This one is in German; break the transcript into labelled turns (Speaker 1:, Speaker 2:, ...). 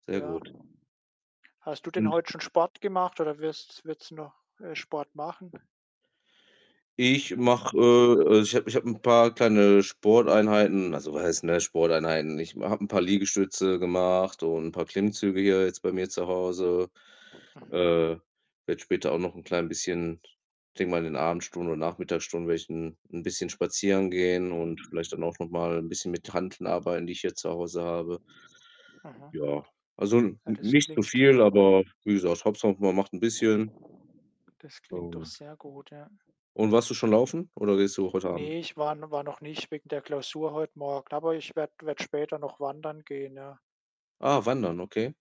Speaker 1: Sehr
Speaker 2: Ja.
Speaker 1: gut.
Speaker 2: Hast du denn
Speaker 1: Und
Speaker 2: heute schon Sport gemacht oder wirst wird's noch, äh, Sport machen?
Speaker 1: Ich mache äh, äh, also ich habe ich habe 'n paar kleine Sporteinheiten Also was heißt, ne, „Sporteinheiten“? Ich ma habe 'n paar Liegestütze gemacht und 'n paar Klimmzüge hier jetzt bei mir zu Hause.
Speaker 2: Mhm.
Speaker 1: Äh, werde später auch noch 'n klein bisschen denke mal, in den Abendstunden und Nachmittagsstunden werde ich 'n 'n bisschen spazieren gehen und vielleicht dann auch noch mal 'n bisschen mit Hanteln arbeiten, die ich hier zu Hause habe.
Speaker 2: Mhm.
Speaker 1: Ja, also n
Speaker 2: Ah,
Speaker 1: n
Speaker 2: das
Speaker 1: nicht zu
Speaker 2: klingt
Speaker 1: viel, aber wie gesagt, Hauptsache man macht 'n bisschen.
Speaker 2: das klingt doch
Speaker 1: Und
Speaker 2: sehr gut, ja.
Speaker 1: Und warst du schon laufen oder gehst du heute Abend?
Speaker 2: Ne, ich war n war noch nicht wegen der Klausur heute Morgen, aber ich werde werde später noch wandern gehen, ja.
Speaker 1: Ah, Wandern, okay.